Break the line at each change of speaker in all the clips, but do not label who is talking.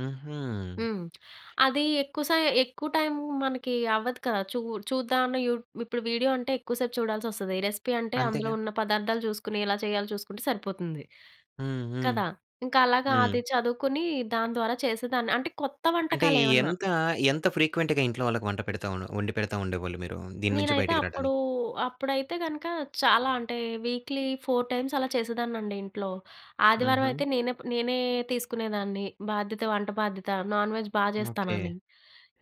హుహు.
హ్మ్. అదీ ఎక్కువ సై ఎక్కువ టైమ్ మనకి అవ్వదు కదా! చు చూద్దాంలే యూ ఇప్పుడు వీడియో అంటే ఎక్కువ సేపు చూడాల్సొస్తది. రెసిపీ అంటే అందులో
అంతేగా.
ఉన్న పదార్థాలు చూసుకొని, ఎలా చేయాలో చూసుకుంటే సరిపోతుంది.
హ్మ్. హ్మ్.
కదా! ఇంకలాగా
హ్మ్.
అది చదువుకొనీ దాని ద్వారా చేసేదాన్ని. అంటే కొత్త
అంటే
వంటకాలేమన్నా.
ఎంతా ఎంత ఫ్రీక్వెంట్‌గా ఇంట్లో వాళ్ళకి వంట పెడతా వొండి పెడతా ఉండేవోళ్ళు మీరు దీని నుంచి
నేనైతే
బయటికి
అప్పుడూ,
రాడానికి?
అప్పుడైతే గనక చాలా అంటే వీక్లీ 4 టైమ్స్ అలా చేసేదాన్నండి ఇంట్లో. ఆదివారం అయితే
హుహు.
నేనే ప్ నేనే తీసుకునేదాన్ని బాధ్యత, వంట బాధ్యత నాన్ వెజ్ బా
ఓకే.
చేస్తానని.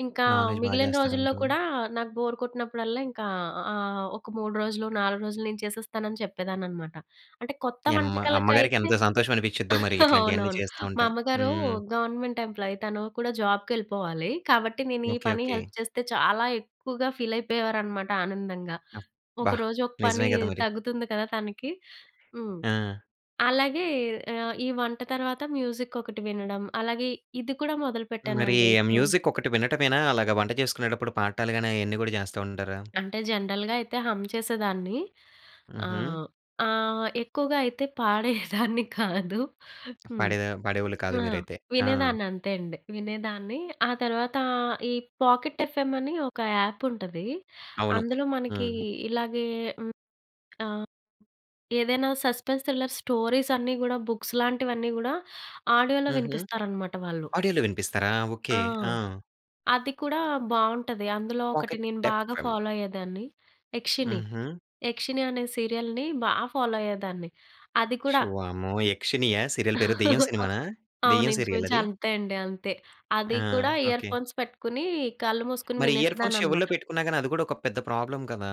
ఇంకా
నాన్‌వెజ్ బాగా
మిగిలిన
చేస్తారా
రోజుల్లో
మీరు?
కూడా నాకు బోర్ కొట్టినప్పుడల్లా ఇంకా ఆహ్, ఒక 3 రోజులు 4 రోజులు నేను చేసేస్తానని చెప్పేదాన్ననమాట. అంటే కొత్త
మీ అమ్మ అమ్మగారికి
వంటకలకైతే
ఎంత సంతోషమనిపిచ్చిద్దో. మరి ఇట్లాంటియన్నీ
అవునవును.
చేస్తా
మా
ఉంటే.
అమ్మగారు
హ్మ్.
గవర్నమెంట్ ఎంప్లాయ్ తను కూడా జాబ్‌కెళ్ళిపోవాలి. కాబట్టి నేను ఈ
ఓకే.
పని
ఓకే.
హెల్ప్ చేస్తే, చాలా ఎక్కువగా ఫీలయిపోయేవారనమాట ఆనందంగా.
అబ్బా!
ఒకరోజు ఒక పని
నిజమే గదా! మరి.
తగ్గుతుంది కదా! తనకి. హ్మ్.
ఆ!
అలాగే ఆహ్, ఈ వంట తర్వాత మ్యూజికొకటి వినడం. అలాగే ఇది కూడా
మరీ
మొదలుపెట్టానండి
ఆ
ఇప్పుడు.
మ్యూజిక్ ఒకటి వినటమేనా. అలాగా వంట చేసుకునేటప్పుడు పాడటాలు గానీ అయన్నీ గూడా జేస్తా ఉంటారా?
అంటే జనరల్‌గా అయితే హం చేసేదాన్ని.
హుహు.
ఆహ్, ఆహ్, ఎక్కువగా అయితే పాడేదాన్ని కాదు. హ్మ్.
పడే దా పడేవాళ్ళు కాదు
ఆ!
మీరైతే. ఆ!
వినేదాన్ని అంతే అండి. వినేదాన్ని. ఆ తర్వాతా ఈ పాకెట్ ఎఫ్ఎం అని ఒక యాప్ ఉంటది.
అవును.
అందులో మనకీ
హ్మ్.
ఇలాగే హ్మ్. ఆ! ఏదైనా సస్పెన్స్ థ్రిల్లర్స్ స్టోరీసన్నీ గూడా, బుక్స్‌ లాంటివన్నీ గూడా ఆడియో‌లో
హుహు.
వినిపిస్తారనమాట వాళ్ళు.
ఆడియోలో వినిపిస్తారా? ఓకే.
ఆ!
ఆ!
అది కూడా బావుంటది. అందులో ఒకటి
పాకెట్
నేను బాగా
ఎఫ్‌ఎమ్.
ఫాలో అయ్యేదాన్ని. 'యక్షిని,
హుహు.
యక్షిని' అనే సీరియల్‌ని బా ఫాలో అయ్యేదాన్ని. అది కూడా
షు వామ్మో! యక్షినియా? సీరియల్ పేరు దెయ్యం సినిమానా?
అవును.
దెయ్యం
ఇంచుమించు
సీరియలది?
అంతే అండి! అంతే.
ఆ!
అది కూడా ఇయర్
ఓకే.
ఫోన్స్ పెట్టుకొని కళ్ళు మూసుకొని
మరి ఇయర్‌ఫోన్స్ చెవుల్లో
వినేసేదాన్ననమాట.
పెట్టుకున్న గానీ, అది కూడా ఒక పెద్ద ప్రాబ్లమ్ కదా!